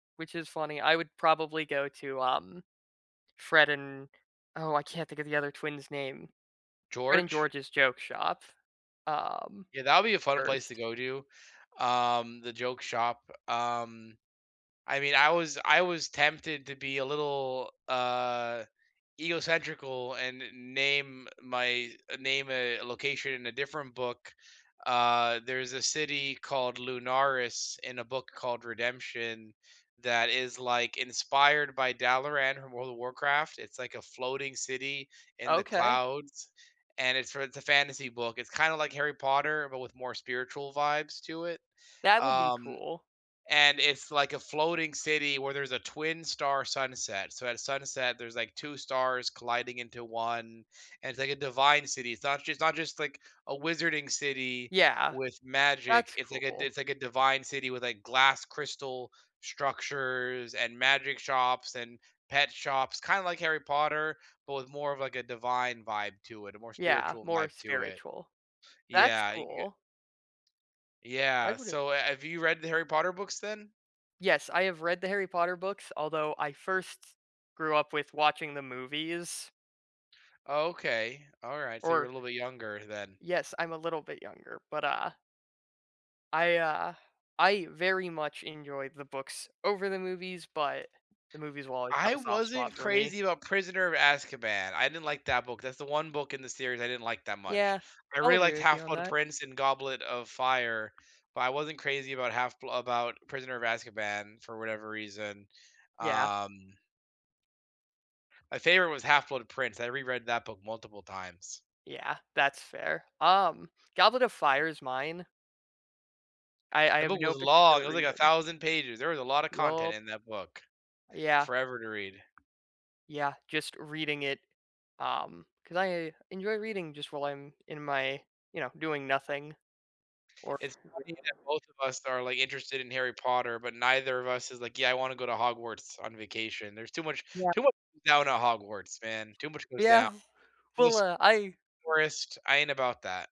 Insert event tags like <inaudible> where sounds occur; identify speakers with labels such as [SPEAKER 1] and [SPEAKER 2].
[SPEAKER 1] Which is funny. I would probably go to, um, Fred and- Oh, I can't think of the other twin's name- Fred and
[SPEAKER 2] George?
[SPEAKER 1] George's joke shop, um,
[SPEAKER 2] Yeah, that'll be a fun place to
[SPEAKER 1] 1st.
[SPEAKER 2] go to, um, the joke shop. Um, I mean, I was I was tempted to be a little, uh, ego centrical and n name my name a location in a different book. Uh, there's a city called Lunaris in a book called Redemption that is, like, inspired by Dalaran from World of Warcraft. It's like a floating city in the
[SPEAKER 1] Okay.
[SPEAKER 2] clouds, and it's for it's a fantasy book, it's kinda like Harry Potter, but with more spiritual vibes to it.
[SPEAKER 1] That would be
[SPEAKER 2] Um,
[SPEAKER 1] cool.
[SPEAKER 2] and it's like a floating city where there's a twin star sunset. So, at sunset, there's, like, 2 stars colliding into 1, and it's like a divine city. It's not just it's not just, like, a wizarding city
[SPEAKER 1] Yeah.
[SPEAKER 2] with magic,
[SPEAKER 1] That's
[SPEAKER 2] it's like a d
[SPEAKER 1] cool.
[SPEAKER 2] it's like a divine city with, like, glass crystal structures and magic shops and pet shops, kinda like Harry Potter, but with more of, like, a divine vibe to it, a more
[SPEAKER 1] Yeah,
[SPEAKER 2] spiritual
[SPEAKER 1] more
[SPEAKER 2] vibe to it.
[SPEAKER 1] spiritual. That's
[SPEAKER 2] Yeah, you can get
[SPEAKER 1] cool. I
[SPEAKER 2] Yeah.
[SPEAKER 1] would've
[SPEAKER 2] So, ha have you read the Harry Potter books then?
[SPEAKER 1] Yes, I have read the Harry Potter books, although I first grew up with watching the movies.
[SPEAKER 2] Okay, alright. So, you're a
[SPEAKER 1] Or
[SPEAKER 2] little bit younger then.
[SPEAKER 1] Yes, I'm a little bit younger but, uh I, uh I very much enjoyed the books over the movies but the movies will always have
[SPEAKER 2] I
[SPEAKER 1] a soft spot
[SPEAKER 2] wasn't
[SPEAKER 1] for me.
[SPEAKER 2] crazy about Prisoner of Azkaban, I didn't like that book. That's the one book in the series I didn't like that much.
[SPEAKER 1] Yeah.
[SPEAKER 2] I
[SPEAKER 1] I'll
[SPEAKER 2] really
[SPEAKER 1] agree
[SPEAKER 2] liked
[SPEAKER 1] with you on
[SPEAKER 2] Half-Blood
[SPEAKER 1] that.
[SPEAKER 2] Prince and Goblet of Fire, but I wasn't crazy about Half-Bl about Prisoner of Azkaban for whatever reason.
[SPEAKER 1] Yeah.
[SPEAKER 2] Um My favorite was Half-Blood Prince, I reread that book multiple times.
[SPEAKER 1] Yeah, that's fair. Um, Goblet of Fire is mine. I I
[SPEAKER 2] That
[SPEAKER 1] have
[SPEAKER 2] book was
[SPEAKER 1] no
[SPEAKER 2] long. It
[SPEAKER 1] particular
[SPEAKER 2] was, like, a
[SPEAKER 1] reason.
[SPEAKER 2] thousand pages. There was a lotta content
[SPEAKER 1] Yep.
[SPEAKER 2] in that book; took
[SPEAKER 1] Yeah.
[SPEAKER 2] forever to read.
[SPEAKER 1] Yeah. Just reading it, um, 'cause I enjoy reading just while I'm in my you know, doing nothing. Or
[SPEAKER 2] It's funny
[SPEAKER 1] <unintelligible>
[SPEAKER 2] that both of us are, like, interested in Harry Potter, but neither of us is like, "Yeah, I wanna go to Hogwarts on vacation." There's too much
[SPEAKER 1] Yep.
[SPEAKER 2] too much down at Hogwarts, man. Too much goes down.
[SPEAKER 1] Yeah. Well,
[SPEAKER 2] Just
[SPEAKER 1] uh, I
[SPEAKER 2] forest, I ain't about that.